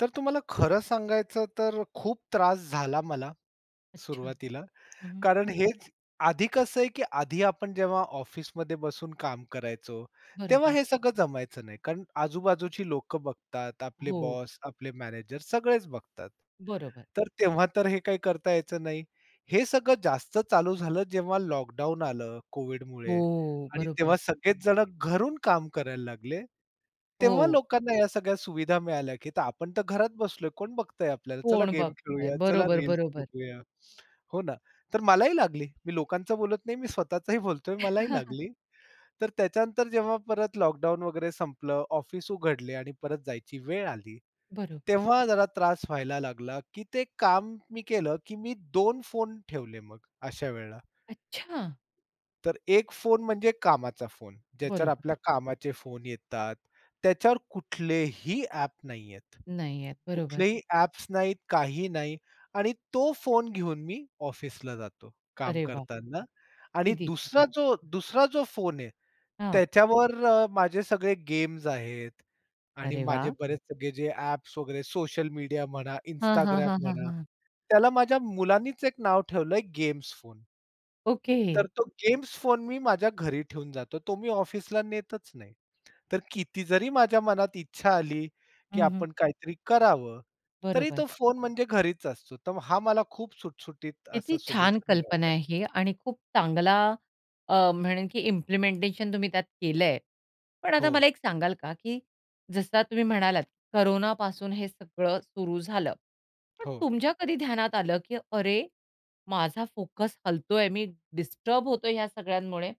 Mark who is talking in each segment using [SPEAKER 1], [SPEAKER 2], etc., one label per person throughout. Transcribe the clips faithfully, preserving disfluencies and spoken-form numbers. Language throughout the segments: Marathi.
[SPEAKER 1] तर तुम्हाला खरं सांगायचं तर खूप त्रास झाला मला,
[SPEAKER 2] अच्छा.
[SPEAKER 1] सुरुवातीला.
[SPEAKER 2] हं.
[SPEAKER 1] कारण हेच आधी कसं आहे की आधी आपण जेव्हा ऑफिसमध्ये बसून काम करायचो, तेव्हा
[SPEAKER 2] बरोबर.
[SPEAKER 1] हे सगळं जमायचं नाही, कारण आजूबाजूची लोक बघतात, आपले
[SPEAKER 2] हो.
[SPEAKER 1] बॉस आपले मॅनेजर सगळेच बघतात.
[SPEAKER 2] बरोबर.
[SPEAKER 1] तर तेव्हा तर हे काही करता यायचं नाही. हे सगळं जास्त चालू झालं जेव्हा लॉकडाउन आलं कोव्हिडमुळे
[SPEAKER 2] हो.
[SPEAKER 1] आणि
[SPEAKER 2] बरोबर.
[SPEAKER 1] तेव्हा सगळेच जण घरून काम करायला लागले. तेव्हा
[SPEAKER 2] हो.
[SPEAKER 1] लोकांना या सगळ्या सुविधा मिळाल्या की तर आपण तर घरात बसलोय, कोण बघतंय आपल्याला. चला
[SPEAKER 2] कोण
[SPEAKER 1] गेम
[SPEAKER 2] बघताय.
[SPEAKER 1] खेळूया, चला
[SPEAKER 2] बरोबर,
[SPEAKER 1] रील्स
[SPEAKER 2] बरोबर.
[SPEAKER 1] बघूया. हो ना. तर मलाही लागली, मी लोकांचं बोलत नाही मी स्वतःचाही बोलतोय, मलाही लागली. तर त्याच्यानंतर जेव्हा परत लॉकडाउन वगैरे संपलं, ऑफिस उघडले आणि परत जायची वेळ आली,
[SPEAKER 2] बरोबर.
[SPEAKER 1] तेव्हा जरा त्रास व्हायला लागला, की ते काम मी केलं, की मी दोन फोन ठेवले मग अशा वेळेला.
[SPEAKER 2] अच्छा.
[SPEAKER 1] तर एक फोन म्हणजे कामाचा फोन, ज्याच्यावर
[SPEAKER 2] बरोबर.
[SPEAKER 1] आपल्या कामाचे फोन येतात. त्याच्यावर कुठलेही ॲप नाही आहेत.
[SPEAKER 2] नाही येत, बरोबर.
[SPEAKER 1] कुठलेही ॲप्स नाहीत, काही नाही आणि तो फोन घेऊन मी ऑफिसला जातो, काम
[SPEAKER 2] अरे वाह!
[SPEAKER 1] करतांना. आणि
[SPEAKER 2] किती
[SPEAKER 1] दुसरा
[SPEAKER 2] छान.
[SPEAKER 1] जो, दूसरा जो फोन आहे
[SPEAKER 2] हां.
[SPEAKER 1] त्याच्यावर अ, माझे सगळे गेम्स आहेत आणि
[SPEAKER 2] अरे
[SPEAKER 1] माझे
[SPEAKER 2] वाह!
[SPEAKER 1] बरेच सगळे जे ॲप्स वगैरे सोशल मीडिया म्हणा,
[SPEAKER 2] हां, हां.
[SPEAKER 1] Instagram
[SPEAKER 2] हां, हां.
[SPEAKER 1] म्हणा,
[SPEAKER 2] हां.
[SPEAKER 1] त्याला माझ्या मुलानीच एक नाव ठेवलं आहे गेम्स फोन. तर
[SPEAKER 2] ओके.
[SPEAKER 1] तो गेम्स फोन मी माझ्या घरी ठेवून जातो, तो मी ऑफिसला नेतच नाही. तर किती जरी माझ्या मनात इच्छा आली, की
[SPEAKER 2] हं, हं.
[SPEAKER 1] आपण काहीतरी करावं, तरी तो
[SPEAKER 2] बरोबर.
[SPEAKER 1] फोन म्हणजे घरीच असतो. तर हा मला खूप सुटसुटीत असा
[SPEAKER 2] किती छान
[SPEAKER 1] सोल्युशन
[SPEAKER 2] कल्पना
[SPEAKER 1] मिळालं आहे.
[SPEAKER 2] आहे ही, आणि खूप चांगला अ, म्हणेल की इम्प्लिमेंटेशन तुम्ही त्यात केलं आहे. पण आता
[SPEAKER 1] हो.
[SPEAKER 2] मला एक सांगाल का, की जसं तुम्ही म्हणालात कोरोनापासून हे सगळं सुरु झालं. पण
[SPEAKER 1] हो.
[SPEAKER 2] तुमच्या कधी ध्यानात आलं, की "अरे माझा फोकस हलतोय, मी डिस्टर्ब होतोय ह्या सगळ्यांमुळे.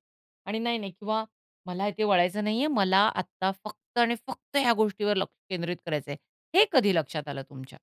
[SPEAKER 2] आणि नाही, नाही किंवा मला हे ते वळायचं नाही आहे. मला आता फक्त आणि फक्त ह्या गोष्टीवर लक्ष केंद्रित करायचं आहे." हे कधी लक्षात आलं तुमच्या?